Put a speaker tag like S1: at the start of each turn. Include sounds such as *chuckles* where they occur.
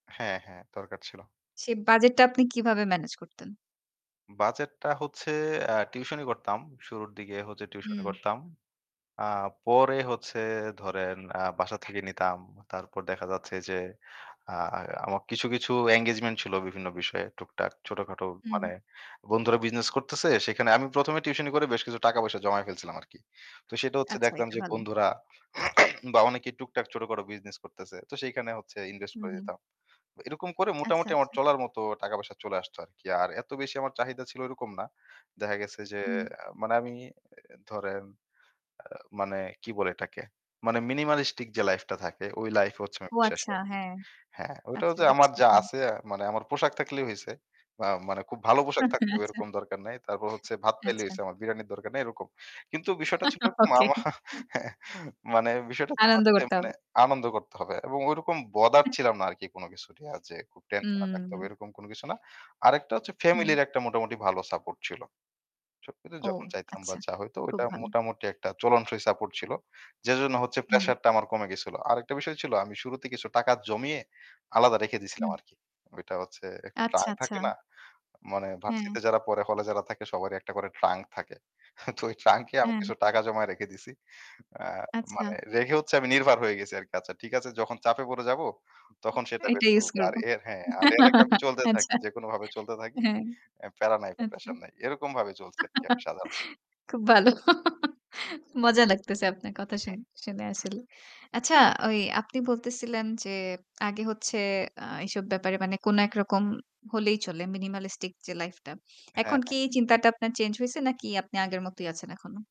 S1: হ্যাঁ, হ্যাঁ। দরকার ছিল।
S2: সেই বাজেটটা আপনি কীভাবে মেনেজ করতেন?
S1: বাজেটটা হচ্ছে অ্যা টিউশনি করতাম। শুরুর দিকে হচ্ছে টিউশনি
S2: হুম।
S1: করতাম। আ পরে হচ্ছে ধরেন আ বাসা থেকে নিতাম। তারপর দেখা যাচ্ছে যে আ আমার কিছু, কিছু এনগেজমেন্ট ছিল বিভিন্ন বিষয়ে টুকটাক ছোটখাটো
S2: হুম।
S1: মানে বন্ধুরা বিজনেস করতেছে। সেখানে আমি ১ম এ টিউশনি করে বেশ কিছু টাকা-পয়সা জমায় ফেলছিলাম আরকি। তো সেটা হচ্ছে
S2: আচ্ছা
S1: দেখতাম
S2: এটা
S1: যে
S2: ভালো।
S1: বন্ধুরা *sneezes* বা অনেকেই টুকটাক ছোট-খাটো বিজনেস করতেছে। তো সেখানে হচ্ছে ইনভেস্ট
S2: হুম,
S1: করে
S2: হুম।
S1: দিতাম। এরকম করে
S2: আচ্ছা,
S1: মোটামুটি আমার
S2: আচ্ছা।
S1: চলার মতো টাকা-পয়সা চলে আসতো আরকি। আর এত বেশি আমার চাহিদা ছিল এরকম না। দেখা গেছে যে
S2: হুম।
S1: আ মানে আমি ধরেন আ মানে কি বলে এটাকে? মানে মিনিমালিস্টিক যে লাইফটা থাকে ওই লাইফে হচ্ছে আমি
S2: ও
S1: বিশ্বাসী
S2: আচ্ছা,
S1: আরকি।
S2: হ্যাঁ,
S1: হ্যাঁ, ওইটা
S2: আচ্ছা
S1: হচ্ছে আমার
S2: বুঝছি।
S1: যা
S2: হুম।
S1: আছে মানে আমার পোশাক থাকলেই হইছে। বা মানে খুব ভালো পোশাক
S2: *chuckles*
S1: থাকলেও
S2: আচ্ছা।
S1: এরকম দরকার নাই। তারপর হচ্ছে ভাত পাইলে হইছে
S2: আচ্ছা।
S1: আমার বিরিয়ানির দরকার নাই এরকম। কিন্তু বিষয়টা ছিল
S2: *chuckles* ওকে।
S1: মামা *chuckles* মানে বিষয়টা
S2: আনন্দ
S1: *unintelligible*
S2: করতে
S1: মানে
S2: হবে।
S1: আনন্দ করতে হবে এবং ঐরকম বদার
S2: হু।
S1: ছিলাম না আরকি কোন কিছুই নিয়া যে খুব টেনশনে থাকতে হবে
S2: উম
S1: এরকম কোন কিছু না। আরেকটা হচ্ছে
S2: হ্যাঁ।
S1: ফ্যামিলির একটা মোটামুটি ভালো সাপোর্ট ছিল। সব কিছু
S2: ও
S1: যখন চাইতাম বা
S2: আচ্ছা,
S1: যা হইতো
S2: খুব
S1: ওইটা
S2: ভালো।
S1: মোটামুটি একটা চলনসই সাপোর্ট ছিল। যে জন্য হচ্ছে
S2: হুম।
S1: প্রেশারটা আমার কমে গেছিলো। আরেকটা বিষয় ছিল আমি শুরুতেই কিছু টাকা জমিয়ে আলাদা রেখে দিয়েছিলাম
S2: হুম।
S1: আরকি। ওইটা হচ্ছে একটা
S2: আচ্ছা,
S1: ট্রাঙ্ক
S2: আচ্ছা।
S1: থাকে না? মানে
S2: হ্যাঁ।
S1: ভার্সিটিতে যারা পরে হলে যারা থাকে সবারই একটা করে ট্রাঙ্ক থাকে। *scoffs* তো ওই ট্রাঙ্কে এ আমি
S2: অ্যা
S1: কিছু টাকা জমায়ে রেখে দিয়েছি। আ
S2: আচ্ছা।
S1: মানে রেখে হচ্ছে আমি নির্ভর হয়ে গেছি আরকি। আচ্ছা ঠিক আছে যখন চাপে পড়ে যাবো তখন সেটা বের
S2: এটা use
S1: করব। আর
S2: করব
S1: এর হ্যাঁ আর এর আগে আমি
S2: *laughs*
S1: চলতে থাকি।
S2: আচ্ছা।
S1: যেকোনোভাবে চলতে থাকি।
S2: হ্যাঁ,
S1: অ্যা প্যারা নাই বা
S2: আচ্ছা।
S1: প্রেশার নাই। এরকমভাবে চলছি আরকি আমি সাধারণ।
S2: *laughs* খুব ভালো। মজা লাগতেছে আপনার কথা
S1: হ্যাঁ,
S2: শুনে, শুনে
S1: হুম।
S2: আসলে। আচ্ছা ওই আপনি বলতেছিলেন যে আগে হচ্ছে আ এসব ব্যাপারে মানে কোন একরকম হলেই চলে মিনিমালিস্টিক যে লাইফটা।
S1: হ্যাঁ,
S2: এখন
S1: হ্যাঁ।
S2: কি চিন্তাটা আপনার চেঞ্জ হইছে নাকি আপনি আগের মতই আছেন এখনো?